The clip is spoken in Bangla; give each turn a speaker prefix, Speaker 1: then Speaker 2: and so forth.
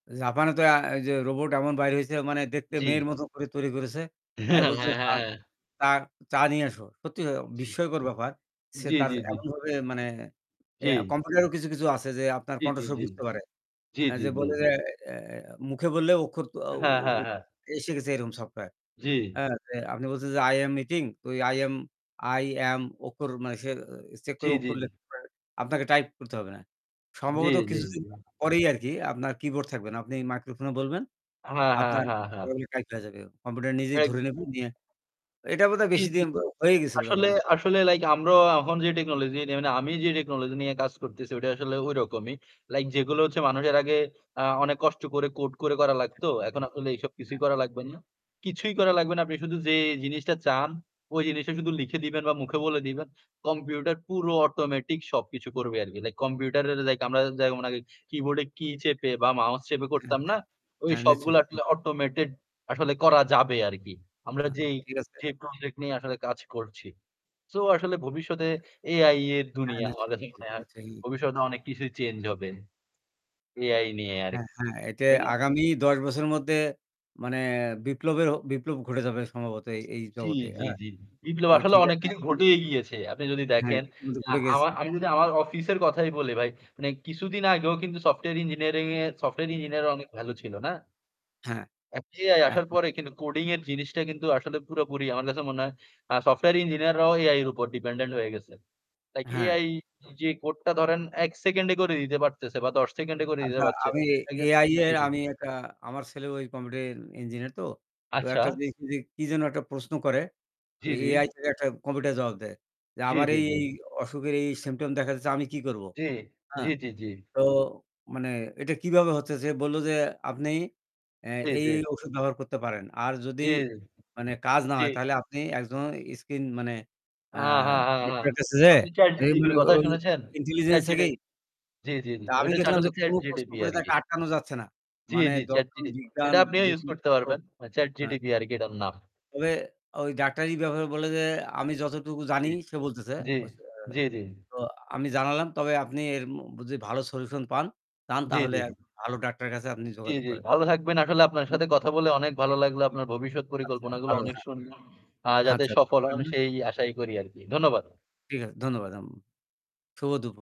Speaker 1: জাপানে তো অ্যা ঐযে রোবট এমন বাইর হইছে মানে দেখতে
Speaker 2: জ্বি।
Speaker 1: মেয়ের মতো করে তৈরি করেছে। অ্যা
Speaker 2: হ্যাঁ,
Speaker 1: বলছে
Speaker 2: হ্যাঁ,
Speaker 1: চা
Speaker 2: হ্যাঁ।
Speaker 1: তাঁর চা নিয়ে আসো। সত্যি
Speaker 2: জ্বী।
Speaker 1: বিস্ময়কর ব্যাপার। সে
Speaker 2: জ্বী,
Speaker 1: তার
Speaker 2: জ্বী, জ্বী।
Speaker 1: এমন ভাবে মানে ইয়া
Speaker 2: জ্বী।
Speaker 1: কম্পিউটারেও কিছু, কিছু আছে যে আপনার
Speaker 2: জ্বি, জ্বি,
Speaker 1: কণ্ঠস্বর
Speaker 2: জ্বি।
Speaker 1: বুঝতে পারে।
Speaker 2: জ্বি,
Speaker 1: অ্যা
Speaker 2: জ্বি,
Speaker 1: যে
Speaker 2: জ্বি।
Speaker 1: বলে যে এ এ মুখে বললে অক্ষর অ
Speaker 2: হ্যাঁ, হ্যাঁ,
Speaker 1: অ
Speaker 2: হ্যাঁ।
Speaker 1: এসে গেছে এরকম সফটওয়্যার।
Speaker 2: জ্বী।
Speaker 1: হ্যাঁ, যে আপনি বলছেন যে আই এম মিটিং ঐ আই এম আই এম অক্ষর মানে চেক
Speaker 2: জ্বী,
Speaker 1: করে অক্ষর
Speaker 2: জ্বী।
Speaker 1: লিখতে আপনাকে টাইপ করতে হবে না।
Speaker 2: জ্বী,
Speaker 1: সম্ভবত
Speaker 2: জ্বী,
Speaker 1: কিছুদিন
Speaker 2: জ্বী।
Speaker 1: পরেই আরকি আপনার কিবোর্ড থাকবে না। আপনি মাইক্রোফোনে বলবেন।
Speaker 2: হ্যাঁ, হ্যাঁ,
Speaker 1: আপনার
Speaker 2: হ্যাঁ, হ্যাঁ।
Speaker 1: ওগুলো টাইপ হয়ে যাবে। কম্পিউটার নিজেই
Speaker 2: এক
Speaker 1: ধরে নেবে। নিয়া এটা বোধহয়
Speaker 2: জ্বী,
Speaker 1: বেশি
Speaker 2: জ্বী।
Speaker 1: দিন হয়েই গেছে বোধহয়
Speaker 2: আসলে,
Speaker 1: মনে হয়।
Speaker 2: আসলে লাইক আমরা এখন যে টেকনোলজি নে মানে আমি যে টেকনোলজি নিয়ে কাজ করতেছি ওটা আসলে ঐরকমই। লাইক যেগুলো হচ্ছে মানুষে এর আগে আ অনেক কষ্ট করে কোড করে করা লাগতো। এখন আসলে এসব কিছুই করা লাগবে না। কিছুই করা লাগবে না আপনি শুধু যে জিনিসটা চান ওই জিনিসটা শুধু লিখে দিবেন বা মুখে বলে দিবেন। কম্পিউটার পুরো অটোমেটিক সবকিছু করবে আরকি। লাইক কম্পিউটারের লাইক আমরা যেমন আগে কিবোর্ডে কী চেপে বা মাউস চেপে
Speaker 1: হ্যাঁ,
Speaker 2: করতাম না?
Speaker 1: হ্যাঁ,
Speaker 2: ওই
Speaker 1: হ্যাঁ নিশ্চয়।
Speaker 2: সবগুলো আসলে অটোমেটেড আসলে করা যাবে আরকি। আমরা
Speaker 1: হ্যাঁ,
Speaker 2: যেই
Speaker 1: ঠিক আছে।
Speaker 2: যে প্রজেক্ট নিয়ে আসলে কাজ করছি। সো আসলে ভবিষ্যতে AI এর
Speaker 1: হ্যাঁ,
Speaker 2: দুনিয়া আমার
Speaker 1: নিশ্চয়,
Speaker 2: কাছে
Speaker 1: নিশ্চয়,
Speaker 2: মনে হয়।
Speaker 1: নিশ্চয়ই।
Speaker 2: ভবিষ্যতে অনেক কিছুই চেঞ্জ হবে। AI নিয়ে
Speaker 1: হ্যাঁ,
Speaker 2: আরকি।
Speaker 1: হ্যাঁ এতে
Speaker 2: তাই না?
Speaker 1: আগামী ১০ বছরের মধ্যে মানে বিপ্লবের হ বিপ্লব ঘটে যাবে সম্ভবত এই, এই
Speaker 2: জ্বী,
Speaker 1: জগতে
Speaker 2: জ্বী,
Speaker 1: হ্যাঁ,
Speaker 2: জ্বী। বিপ্লব
Speaker 1: তো
Speaker 2: আসলে
Speaker 1: ঠিক
Speaker 2: অনেক
Speaker 1: আছে
Speaker 2: কিছু
Speaker 1: আপনি।
Speaker 2: ঘটেই গিয়েছে। আপনি যদি
Speaker 1: হ্যাঁ,
Speaker 2: দেখেন,
Speaker 1: ইতিমধ্যে
Speaker 2: আ
Speaker 1: ঘুরে গেছে।
Speaker 2: আমা আমি যদি আমার অফিসের কথাই বলি ভাই মানে কিছুদিন আগেও কিন্তু সফটওয়্যার ইঞ্জিনিয়ারিং এ সফটওয়্যার ইঞ্জিনিয়ারিং অনেক ভালো ছিল না?
Speaker 1: হ্যাঁ।
Speaker 2: এ AI আসার
Speaker 1: আচ্ছা।
Speaker 2: পরে কিন্তু কোডিং এর জিনিসটা কিন্তু আসলে পুরোপুরি আমার কাছে মনে হয় আ সফটওয়্যার ইঞ্জিনিয়াররাও AI এর উপর ডিপেন্ডেন্ট হয়ে গেছে। লাইক
Speaker 1: হ্যাঁ।
Speaker 2: AI যে কোডটা ধরেন ১ সেকেন্ডে করে দিতে পারতেছে বা ১০ সেকেন্ডে করে দিতে
Speaker 1: আচ্ছা
Speaker 2: পারছে।
Speaker 1: আমি
Speaker 2: একজ
Speaker 1: AI
Speaker 2: জ্বী,
Speaker 1: এর
Speaker 2: জ্বী
Speaker 1: আমি একটা আমার ছেলেও ওই কম্পিউটার ইঞ্জিনিয়ার তো। তো
Speaker 2: আচ্ছা।
Speaker 1: একটা কি কি কি যেন একটা প্রশ্ন করে
Speaker 2: জ্বি,
Speaker 1: ওই
Speaker 2: জ্বি।
Speaker 1: AI থেকে একটা কম্পিউটার জবাব দেয়। যে
Speaker 2: জ্বী,
Speaker 1: আমার
Speaker 2: জ্বী,
Speaker 1: এই,
Speaker 2: জ্বী।
Speaker 1: এই অসুখের এই সিম্পটম দেখা দিছে আমি কি করবো?
Speaker 2: জ্বী।
Speaker 1: হ্যাঁ।
Speaker 2: জ্বী, জ্বী, জ্বী।
Speaker 1: তো মানে এটা কীভাবে হচ্ছে সে বলল যে আপনি অ্যা
Speaker 2: এই
Speaker 1: এই,
Speaker 2: যে
Speaker 1: এই ঔষুধ ব্যবহার করতে পারেন। আর যদি
Speaker 2: জ্বী,
Speaker 1: মানে কাজ না
Speaker 2: জ্বী।
Speaker 1: হয় তাহলে আপনি একজন স্ক্রিন মানে আ
Speaker 2: আ হ্যাঁ, হ্যাঁ, হ্যাঁ।
Speaker 1: ডক্টরের কাছে যে
Speaker 2: আপনি ChatGPT
Speaker 1: মানে
Speaker 2: কথা
Speaker 1: ওই
Speaker 2: শুনেছেন?
Speaker 1: ইন্টেলিজেন্স
Speaker 2: ChatGT
Speaker 1: থেকেই
Speaker 2: জ্বী, জ্বী
Speaker 1: তা আমি
Speaker 2: ঐটা হচ্ছে
Speaker 1: দেখলাম যে
Speaker 2: আসলে
Speaker 1: কোন প্রশ্ন
Speaker 2: ChatGPT
Speaker 1: করে তাকে
Speaker 2: আরকি।
Speaker 1: আটকানো যাচ্ছে না।
Speaker 2: জ্বি,
Speaker 1: মানে
Speaker 2: জ্বি
Speaker 1: দর্শন,
Speaker 2: ChatGPT
Speaker 1: বিজ্ঞান
Speaker 2: এটা আপনিও use
Speaker 1: যেকোনো
Speaker 2: করতে
Speaker 1: [unintelligible]
Speaker 2: পারবেন।
Speaker 1: হ্যাঁ।
Speaker 2: ChatGPT আরকি এটার নাম।
Speaker 1: তবে ওই ডাক্তারি ব্যাপারে বলে যে আমি যতটুকু জানি
Speaker 2: জ্বী,
Speaker 1: সে বলতেছে।
Speaker 2: জ্বী,
Speaker 1: [unintelligible]
Speaker 2: জ্বী, জ্বী।
Speaker 1: তো আমি জানালাম তবে আপনি এর মু যদি ভালো সলিউশন পান, চান
Speaker 2: জ্বী,
Speaker 1: তাহলে
Speaker 2: জ্বী, জ্বী।
Speaker 1: ভালো ডাক্তারের কাছে আপনি
Speaker 2: জ্বী,
Speaker 1: যোগাযোগ
Speaker 2: জ্বী
Speaker 1: করেন।
Speaker 2: ভালো থাকবেন। আসলে আপনার
Speaker 1: [unintelligible]
Speaker 2: সাথে কথা বলে অনেক ভালো লাগলো আপনার ভবিষ্যৎ
Speaker 1: আচ্ছা
Speaker 2: পরিকল্পনা গুলো
Speaker 1: ভালো
Speaker 2: অনেক
Speaker 1: হ্যাঁ।
Speaker 2: সুন্দর। আ যাতে
Speaker 1: আচ্ছা, ভালো
Speaker 2: সফল হন
Speaker 1: থাকবেন।
Speaker 2: সেই আশাই করি আরকি। ধন্যবাদ।
Speaker 1: ঠিক আছে ধন্যবাদ। আম শুভ দুপু